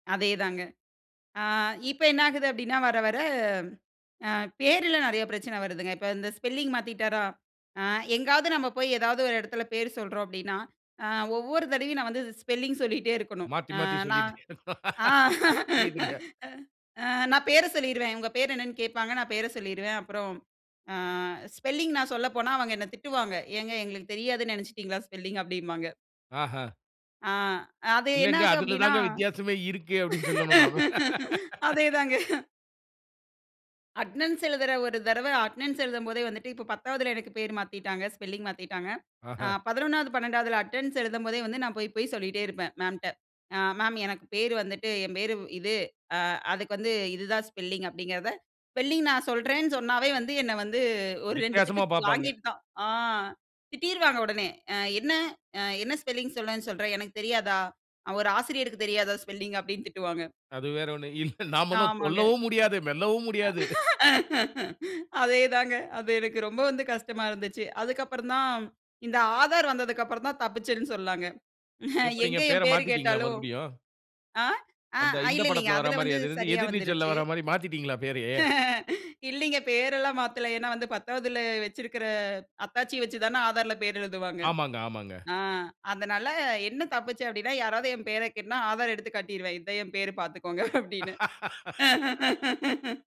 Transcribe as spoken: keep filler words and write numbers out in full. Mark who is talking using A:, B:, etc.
A: அதேதாங்க. அ இப்ப என்ன ஆகுது? அப்பிடீன்னா. வர வர அ பேருல நிறைய பிரச்சனை வருதுங்க. இப்ப இந்த ஸ்பெல்லிங் மாத்திட்டாரா, அ எங்காவது நம்ம போய் ஏதாவது ஒரு இடத்துல பேரு சொல்றோம். அப்படின்னா, அ ஒவ்வொரு தடவையும் நான் வந்து ஸ் ஸ்பெல்லிங் சொல்லிட்டே இருக்கணும்,
B: மாத்தி மாத்தி
A: நான். ஆ நா
B: சொல்லிட்டே
A: அ
B: புரியுதுங்க.
A: நான் பேர சொல்லிருவேன். உங்க பேரு என்னன்னு கேட்பாங்க. நான் பேர சொல்லிருவேன். அப்புறம், அ ஸ்பெல்லிங் நான் சொல்லப்போனா, அவங்க என்ன திட்டுவாங்க. "ஏங்க, எங்களுக்கு தெரியாதுன்னு நினைச்சிட்டீங்களா? ஸ்பெல்லிங்.'' அப்பிடிம்பாங்க.
B: ஆஹா.
A: ஆ அது
B: "இல்லங்க.
A: என்னாகும்?
B: அதில
A: அப்பிடீன்னா.
B: தான்ங்க வித்தியாசமே இருக்கு." அப்பிடீன்னு சொல்லணும், நானு.
A: அதே தாங்க. அட்டெண்ன்ஸ் எழுதுற ஒரு தடவ அட்டெனன்ஸ் எழுதும்போதே வந்துட்டு, இப்ப பத்தாவதுல எனக்கு பேர மாத்திட்டாங்க. ஸ்பெல்லிங் மாத்திட்டாங்க. அ
B: ஆஹா.
A: பதினொண்ணாவது, பன்னெண்டாவது அட்டெண்டன்ஸ் எழுதும்போதே வந்து, நான் போய் போய் சொல்லிட்டே இருப்பேன். மேம்ட்ட. "அ மேம் எனக்கு பேரு வந்துட்டு என் பேரு இது. அ அதுக்கு வந்து இதுதான் ஸ்பெல்லிங்.'' அப்பிடீங்கிறத ஸ்பெல்லிங் நான் சொல்றேன்னு சொன்னாவே வந்து, என்ன வந்து ஒரு ரெண்டு திட்டு
B: வித்தியாசமா பார்ப்பாங்க.
A: வாங்கிட்டுத்தான், அ திட்டிருவாங்க உடனே. ஆ "என்ன? என்ன ஸ்பெல்லிங் சொல்லுவேன்னு சொல்ற? எனக்கு தெரியாதா? ஒரு ஆசிரியருக்கு தெரியாதா? ஸ்பெல்லிங்.'' அப்பிடின்னு திட்டுவாங்க.
B: அது வேறு ஒண்ணும் இல்ல. நாம இன்னும்
A: ஆமாங்க.
B: சொல்லவும் முடியாது, மெல்லவும் முடியாது.
A: அதே தாங்க. அது எனக்கு ரொம்ப வந்து கஷ்டமா இருந்துச்சு. அதுக்கப்புறந்தான் இந்த ஆதார் வந்ததுக்கு அப்புறந்தான் தப்பிச்சேன்ன்னு சொல்ல்லாங்க.
B: எப்பிடீங்க
A: எங்கே
B: பேர
A: என் பேரு
B: மாத்திட்டீங்களா,
A: கேட்டாலும்,
B: மறுபடியும்?
A: ஆ
B: அந்த
A: அ
B: இந்த
A: இல்ல இல்லங்க.
B: படத்தில வர்ற
A: அதில
B: மாரி
A: வந்து
B: அது இருந்து
A: சரியா
B: எதிர்நீச்சல்ல
A: வந்துருச்சு.
B: வர்ற மாரி மாத்திட்டீங்களா, பேரயே?
A: இல்லீங்க. பேரெல்லாம் மாத்தல. ஏன்னா வந்து பத்தாவதில வச்சிருக்கிற அத்தாட்சிய வச்சு தானே ஆதாரில பேரு எழுதுவாங்க.
B: ஆமாங்க. ஆமாங்க.
A: ஆ அதனால என்ன தப்பிச்சேன்? அப்பிடீன்னா, யாராவது என் பேர கேட்டனா ஆதார எடுத்து காட்டிருவேன். இதான் என் பேரு பார்த்துக்கோங்க. அப்பிடின்னு.